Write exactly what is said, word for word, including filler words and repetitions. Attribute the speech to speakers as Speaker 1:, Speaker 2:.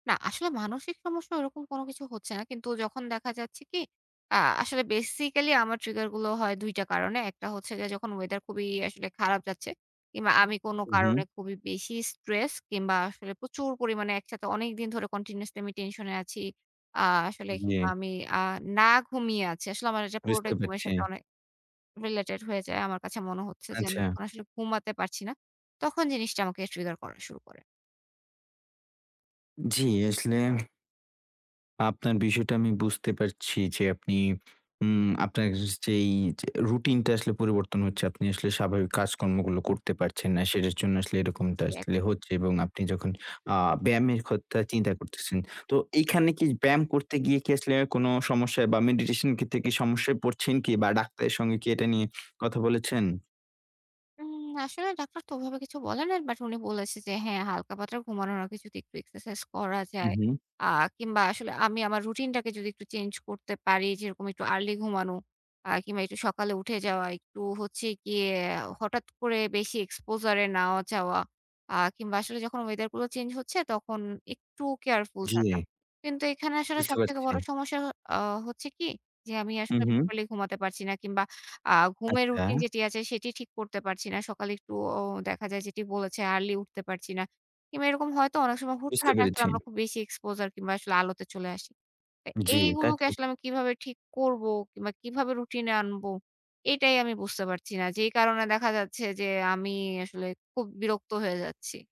Speaker 1: না, আসলে মানসিক সমস্যা ওরকম কোন কিছু হচ্ছে না। কিন্তু যখন দেখা যাচ্ছে কি, আ আসলে বেসিক্যালি, আমার ট্রিগার গুলো হয়, দুই টা কারণে। একটা হচ্ছে গিয়ে, যখন ওয়েদার খুবই আসলে খারাপ যাচ্ছে, কিংবা আমি কোন
Speaker 2: হু,
Speaker 1: কারণে
Speaker 2: হুম।
Speaker 1: খুবই বেশি স্ট্রেস কিংবা আসলে প্রচুর পরিমাণে একসাথে অনেকদিন ধরে কন্টিনিউয়াসলি আমি টেনশন এ আছি। আ আসলে কিংবা
Speaker 2: জি।
Speaker 1: আমি আ না ঘুমিয়ে আছি। আসলে আমার এটা
Speaker 2: বুঝতে
Speaker 1: পুরোটাই, ঘুমের
Speaker 2: পারছি।
Speaker 1: সাথে অনেক রিলেটেড হয়ে যায়। আমার কাছে মনে হচ্ছে যে, আমি
Speaker 2: আচ্ছা।
Speaker 1: আসলে ঘুমাতে পারছি না। তখন জিনিসটা আমাকে ট্রিগার করা শুরু করে।
Speaker 2: জি। আসলে আপনার বিষয়টা আমি বুঝতে পারছি যে, আপনি উম আপনার [unintelligible] যেই যে, রুটিনটা আসলে পরিবর্তন হচ্ছে। আপনি আসলে স্বাভাবিক কাজকর্মগুলো করতে পারছেন না। সেটার জন্য আসলে, এরকমটা
Speaker 1: জি,
Speaker 2: আসলে
Speaker 1: একদম।
Speaker 2: হচ্ছে। এবং আপনি যখন আ ব্যায়ামের কথা চিন্তা করতেছেন। তো, এখানে কি ব্যায়াম করতে গিয়ে কি আসলে অ্যা কোন সমস্যায়, বা মেডিটেশন এর ক্ষেত্রে কি সমস্যায় পড়ছেন কি, বা ডাক্তারের সঙ্গে কি, এটা নিয়ে কথা বলেছেন?
Speaker 1: উম আসলে ডাক্তার তো ওভাবে কিছু বলে না। বাট, উনি বলেছেন, যে, হ্যাঁ, হালকা পাতলা ঘুমানোর আগে যদি, একটু এক্সারসাইজ করা
Speaker 2: হু,
Speaker 1: যায়,
Speaker 2: হুম।
Speaker 1: আ কিংবা আসলে আমি আমার রুটিনটাকে যদি একটু চেঞ্জ করতে পারি, যেরকম একটু আর্লি ঘুমানো, আ কিংবা একটু সকালে উঠে যাওয়া, একটু হচ্ছে গিয়ে, হঠাৎ করে বেশি exposure এ নাও যাওয়া। আ কিংবা আসলে যখন ওয়েদার গুলো চেঞ্জ হচ্ছে, তখন একটু কেয়ারফুল থাকা।
Speaker 2: জি।
Speaker 1: কিন্তু এখানে আসলে,
Speaker 2: বুঝতে
Speaker 1: সবথেকে
Speaker 2: পারছি।
Speaker 1: বড় সমস্যা হ আ হচ্ছে কি যে, আমি
Speaker 2: হু,
Speaker 1: আসলে
Speaker 2: হুম।
Speaker 1: প্রপারলি ঘুমাতে পারছি না, কিংবা আ ঘুমের রুটিন
Speaker 2: আচ্ছা।
Speaker 1: যেটি আছে, সেটি ঠিক করতে পারছি না। সকালে একটু ও দেখা যায়, যেটি বলেছে, আর্লি উঠতে পারছি না। কিংবা এরকম হয়তো, অনেক সময়
Speaker 2: বুঝতে
Speaker 1: হুটহাট আসলে,
Speaker 2: পেরেছি।
Speaker 1: আমরা খুব বেশি exposure কিংবা আসলে আলোতে চলে আসি। অ্যা
Speaker 2: জি, তা
Speaker 1: এইগুলোকে আসলে
Speaker 2: ঠিক।
Speaker 1: আমি কিভাবে ঠিক করব, কিংবা কিভাবে রুটিন এ আনব, এটাই আমি বুঝতে পারছি না। যেই কারণে দেখা যাচ্ছে যে, আমি আসলে, খুব বিরক্ত হয়ে যাচ্ছি।